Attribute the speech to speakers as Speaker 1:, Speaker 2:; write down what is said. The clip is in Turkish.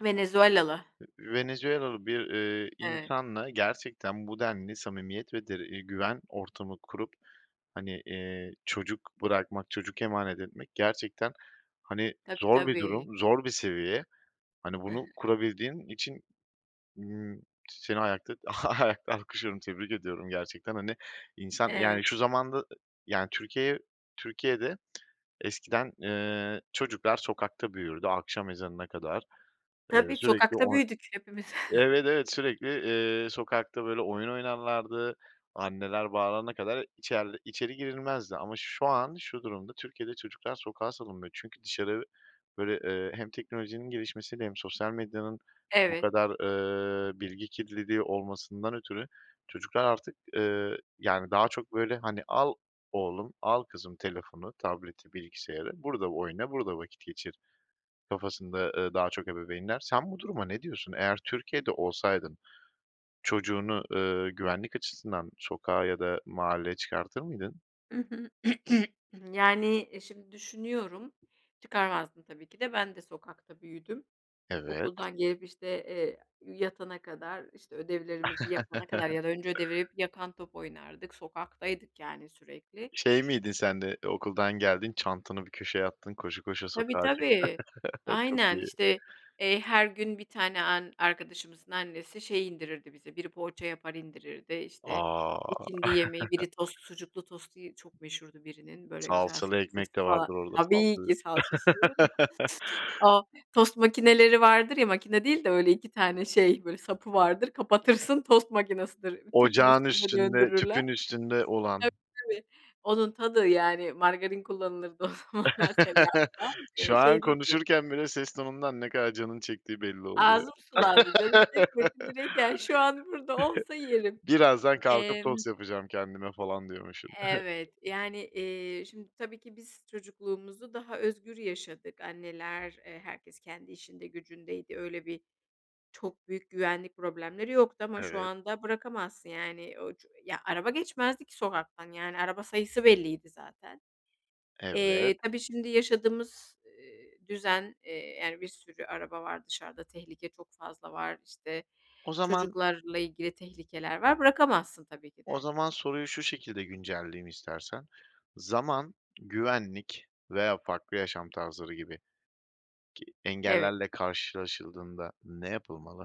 Speaker 1: Venezualalı.
Speaker 2: I ııı, Venezuelalı bir, ııı,
Speaker 1: Eve
Speaker 2: insanla gerçekten bu denli samimiyet ve de güven ortamı kurup, hani, eee, çocuk bırakmak, çocuk emanet etmek gerçekten, hani,
Speaker 1: Tabii,
Speaker 2: zor bir
Speaker 1: tabii.
Speaker 2: durum, zor bir seviye. Hani, bunu kurabildiğin için, ımm, seni ayakta ayakta alkışlıyorum, tebrik ediyorum gerçekten, hani, insan yani
Speaker 1: Eve
Speaker 2: şu zamanda, yani Türkiye'ye Türkiye'de eskiden, ııı, çocuklar sokakta büyürdü, akşam ezanına kadar. Iıı,
Speaker 1: Tabii,
Speaker 2: sürekli
Speaker 1: sokakta
Speaker 2: oy
Speaker 1: büyüdük hepimiz.
Speaker 2: Evet, evet, sürekli, eee, sokakta böyle oyun oynarlardı, anneler bağırana kadar içer içeri girilmezdi. Ama şu an şu durumda Türkiye'de çocuklar sokağa salınmıyor; çünkü dışarı böyle, ııı, hem teknolojinin gelişmesi hem sosyal medyanın bu
Speaker 1: Eve
Speaker 2: kadar, ııı, bilgi kirliliği olmasından ötürü çocuklar artık, ııı, yani daha çok böyle, hani, al oğlum al kızım telefonu, tableti, bilgisayarı; burada oyna, burada vakit geçir kafasında, ııı, daha çok ebeveynler. Sen bu duruma ne diyorsun? Eğer Türkiye'de olsaydın, çocuğunu, ııı, güvenlik açısından sokağa ya da mahalleye çıkartır mıydın?
Speaker 1: Hı hı. Yani şimdi düşünüyorum, çıkarmazdım tabii ki de. Ben de sokakta büyüdüm;
Speaker 2: Evet.
Speaker 1: okuldan gelip, işte, eee, yatana kadar, işte ödevlerimizi yapana kadar ya da önce ödevleri Yakan top oynardık, sokaktaydık yani sürekli.
Speaker 2: Şey miydin sen de? Okuldan geldin, çantanı bir köşeye attın, koşa koşa
Speaker 1: Tabii,
Speaker 2: sokağa çık.
Speaker 1: tabii,
Speaker 2: Çok
Speaker 1: aynen
Speaker 2: iyi.
Speaker 1: işte, eee, her gün bir tane an arkadaşımızın annesi şey indirirdi bize. Biri poğaça yapar, indirirdi işte
Speaker 2: A!
Speaker 1: ikindi yemeği; biri tost. Sucuklu tostu çok meşhurdu birinin, böyle güzel
Speaker 2: Salçalı
Speaker 1: salçası
Speaker 2: ekmek de
Speaker 1: falan.
Speaker 2: vardır orada, salça.
Speaker 1: Tabii ki, salçasız olur mu? O tost makineleri vardır ya, makine değil de öyle 2 tane şey böyle sapı vardır, kapatırsın, tost makinasıdır. Ü Tüpün
Speaker 2: Ocağın
Speaker 1: üstüne
Speaker 2: üstünde,
Speaker 1: döndürürler.
Speaker 2: tüpün üstünde olan.
Speaker 1: Tabii, tabii, onun tadı yani; margarin kullanılırdı o zamanlar, tereyağı falan, eee,
Speaker 2: Şu an
Speaker 1: şey değildi.
Speaker 2: konuşurken bile ses tonundan ne kadar canının çektiği belli oluyor.
Speaker 1: Ağzım sulandı, canım çekmedi. Direkt yani, şu an burada olsa yerim.
Speaker 2: Birazdan kalkıp
Speaker 1: Emm
Speaker 2: tost yapacağım kendime falan diyormuşsun.
Speaker 1: Evet, yani, eee, şimdi tabii ki biz çocukluğumuzu daha özgür yaşadık; anneler, eee, herkes kendi işinde gücündeydi. Öyle bir, çok büyük güvenlik problemleri yoktu ama şu
Speaker 2: Evet.
Speaker 1: anda bırakamazsın yani. O ço ya araba geçmezdi ki sokaktan yani; araba sayısı belliydi zaten.
Speaker 2: Evet.
Speaker 1: Eee, tabii şimdi yaşadığımız, ııı, düzen, eee, yani bir sürü araba var dışarıda, tehlike çok fazla var. İşte
Speaker 2: O zaman
Speaker 1: çocuklarla ilgili tehlikeler var. Bırakamazsın tabii ki
Speaker 2: o
Speaker 1: de.
Speaker 2: zaman soruyu şu şekilde güncelleyeyim istersen. Zaman, güvenlik veya farklı yaşam tarzları gibi ki
Speaker 1: Evet.
Speaker 2: engellerle karşılaşıldığında ne yapılmalı?